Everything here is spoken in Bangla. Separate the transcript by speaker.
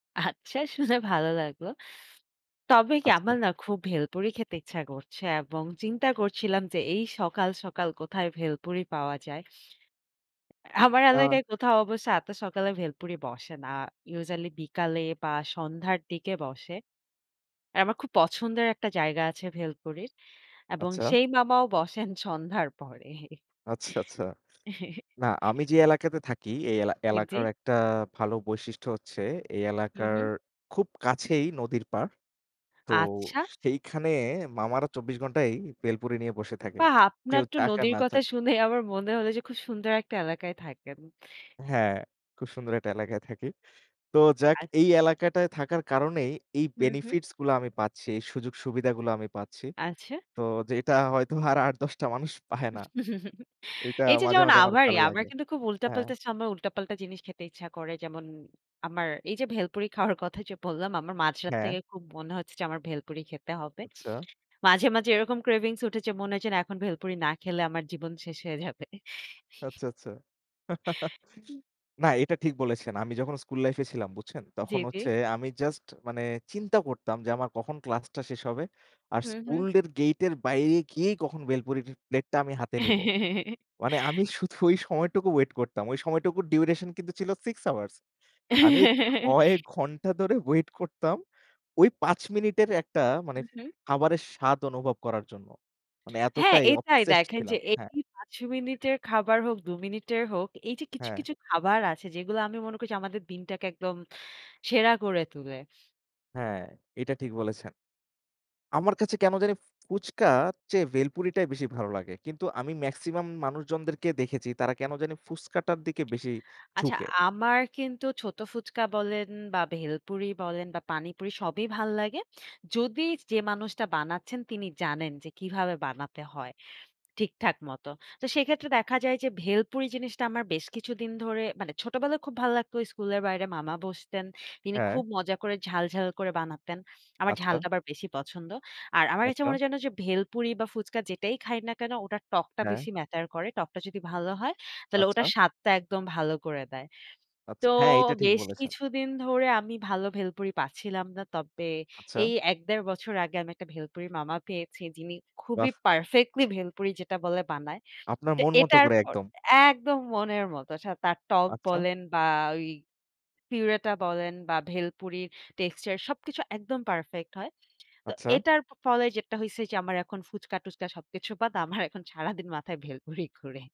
Speaker 1: আচ্ছা, শুনে ভালো লাগলো। তবে কি
Speaker 2: আচ্ছা।
Speaker 1: আমার না খুব ভেলপুরি খেতে ইচ্ছা করছে এবং চিন্তা করছিলাম যে, এই সকাল, সকাল কোথায় ভেলপুরি পাওয়া যায় আমার
Speaker 2: আ
Speaker 1: এলাকায় কোথাও অবশ্য এত সকালে ভেলপুরি বসে না। Usually বিকালে বা সন্ধ্যার দিকে বসে। আমার খুব পছন্দের একটা জায়গা আছে ভেলপুরির এবং
Speaker 2: আচ্ছা।
Speaker 1: সেই মামাও বসেন সন্ধ্যার পরে।
Speaker 2: আচ্ছা, আচ্ছা। না, আমি যে, এলাকাতে থাকি, এই এলা
Speaker 1: জি, জি।
Speaker 2: এলাকার একটা ভালো বৈশিষ্ট্য হচ্ছে, এই
Speaker 1: হুম,
Speaker 2: এলাকার
Speaker 1: হুম।
Speaker 2: খুব কাছেই নদীর পার। তো
Speaker 1: আচ্ছা।
Speaker 2: সেইখানে মামারা ২৪ ঘণ্টাই বেলপুরি নিয়ে বসে থাকে,
Speaker 1: বাহ!
Speaker 2: কেউ
Speaker 1: আপনার তো
Speaker 2: চাক আর
Speaker 1: নদীর
Speaker 2: না
Speaker 1: কথা
Speaker 2: চাক।
Speaker 1: শুনে আমার মনে হলো যে, খুব সুন্দর একটা এলাকায় থাকেন।
Speaker 2: হ্যাঁ, খুব সুন্দর একটা এলাকায় থাকি। তো যাক
Speaker 1: আ
Speaker 2: এই এলাকাটায় থাকার কারণেই এই
Speaker 1: হুম, হুম।
Speaker 2: benefits গুলা আমি পাচ্ছি, এই সুযোগ-সুবিধাগুলা আমি পাচ্ছি।
Speaker 1: আচ্ছা।
Speaker 2: তো যেটা হয়তো আর ৮-১০ টা মানুষ পায় না। এইটা
Speaker 1: এইযে,
Speaker 2: মাঝে,
Speaker 1: যেমন
Speaker 2: মাঝে, আমার
Speaker 1: আমারই,
Speaker 2: ভালো
Speaker 1: আমার
Speaker 2: লাগে।
Speaker 1: কিন্তু খুব
Speaker 2: হ্যাঁ।
Speaker 1: উল্টাপাল্টা সময়, উল্টাপাল্টা জিনিস খেতে ইচ্ছা করে। যেমন আমার এইযে, ভেলপুরি খাওয়ার কথা যে, বললাম, আমার মাঝরাত
Speaker 2: হ্যাঁ।
Speaker 1: থেকে খুব মনে হচ্ছে যে, আমার ভেলপুরি খেতে হবে।
Speaker 2: আচ্ছা।
Speaker 1: মাঝে, মাঝে এরকম cravings উঠে যে মনে হচ্ছে না এখন ভেলপুরি না খেলে আমার জীবন শেষ হয়ে যাবে।
Speaker 2: আচ্ছা, আচ্ছা।
Speaker 1: উ
Speaker 2: না, এটা ঠিক বলেছেন। আমি যখন school life-এ ছিলাম বুঝছেন,
Speaker 1: জি,
Speaker 2: তখন
Speaker 1: জি।
Speaker 2: হচ্ছে আমি just মানে চিন্তা করতাম যে, আমার কখন class-টা শেষ হবে, আর
Speaker 1: হুম, হুম।
Speaker 2: school-এর gate-এর বাইরে গিয়েই কখন বেলপুরিরির plate-টা আমি হাতে নিব। মানে আমি শুধু ওই সময়টুকু wait করতাম। ওই সময়টুকু duration কিন্তু ছিল 6 hours। আমি ৬ ঘণ্টা ধরে wait করতাম ওই ৫ মিনিটের একটা মানে
Speaker 1: হুম, হুম।
Speaker 2: খাবারের স্বাদ অনুভব করার জন্য। মানে
Speaker 1: হ্যাঁ,
Speaker 2: এতটাই
Speaker 1: এইটাই
Speaker 2: obsessed
Speaker 1: দেখেন যে,
Speaker 2: ছিলাম, হ্যাঁ।
Speaker 1: এই ৫ মিনিটের খাবার হোক, ২ মিনিটের হোক, এইযে, কিছু,
Speaker 2: হ্যা।
Speaker 1: কিছু, খাবার আছে যেগুলা আমি মনে করি যে, আমাদের দিনটাকে একদম সেরা করে তোলে।
Speaker 2: হ্যাঁ, এটা ঠিক বলেছেন। আমার কাছে কেনো জানি ফু ফুচকার চেয়ে বেলপুরিটায় বেশি ভালো লাগে। কিন্তু আমি maximum মানুষজনদেরকে দেখেছি তারা কেনো জানি ফুচকাটার দিকে বেশি
Speaker 1: আচ্ছা,
Speaker 2: ঝুঁকে।
Speaker 1: আমার কিন্তু ছোট ফুচকা বলেন বা ভেলপুরি বলেন বা পানিপুরি সবই ভালো লাগে। যদি যে, মানুষটা বানাচ্ছেন তিনি জানেন যে, কিভাবে বানাতে হয় ঠিকঠাক মতো। তো সেক্ষেত্রে দেখা যায় যে, ভেলপুরি জিনিসটা আমার বেশ কিছুদিন ধরে, মানে ছোটবেলায় খুব ভালো লাগতো। স্কুলের বাইরে মামা বসতেন। তিনি
Speaker 2: হ্যাঁ।
Speaker 1: খুব মজা করে ঝাল, ঝাল, করে বানাতেন। আমার
Speaker 2: আচ্ছা।
Speaker 1: ঝালটা আবার বেশি পছন্দ। আর আমার কাছে
Speaker 2: আচ্ছা।
Speaker 1: মনে হয় যেন যে, ভেলপুরি বা ফুচকা যেটাই খাই না কেনো ওটার টকটা
Speaker 2: হ্যাঁ।
Speaker 1: বেশি matter করে। টকটা যদি ভালো হয় তাহলে
Speaker 2: আচ্ছা।
Speaker 1: ওটার স্বাদটা একদম ভালো করে দেয়।
Speaker 2: আচ্ছা,
Speaker 1: তো
Speaker 2: হ্যাঁ, এইটা ঠিক
Speaker 1: বেশ
Speaker 2: বলেছেন।
Speaker 1: কিছুদিন ধরে আমি ভালো ভেলপুরি পাচ্ছিলাম না। তবে
Speaker 2: আচ্ছা।
Speaker 1: এই ১-১.৫ বছর আগে আমি একটা ভেলপুরির মামা পেয়েছি যিনি
Speaker 2: বাহ!
Speaker 1: খুবই perfectly ভেলপুরি যেটা বলে বানায়।
Speaker 2: আপনার
Speaker 1: তো
Speaker 2: মন মতো
Speaker 1: এটার
Speaker 2: করে
Speaker 1: পর
Speaker 2: একদম।
Speaker 1: একদম মনের মতো। সা তার টক
Speaker 2: আচ্ছা।
Speaker 1: বলেন বা ওই পিউরিটা বলেন বা ভেলপুরির texture সবকিছু একদম perfect হয়। তো
Speaker 2: আচ্ছা।
Speaker 1: এটার ফ ফলে যেটা হইসে যে, আমার এখন ফুচকা-টুচকা সবকিছু বাদ। আমার এখন সারাদিন মাথায় ভেলপুরি ঘোরে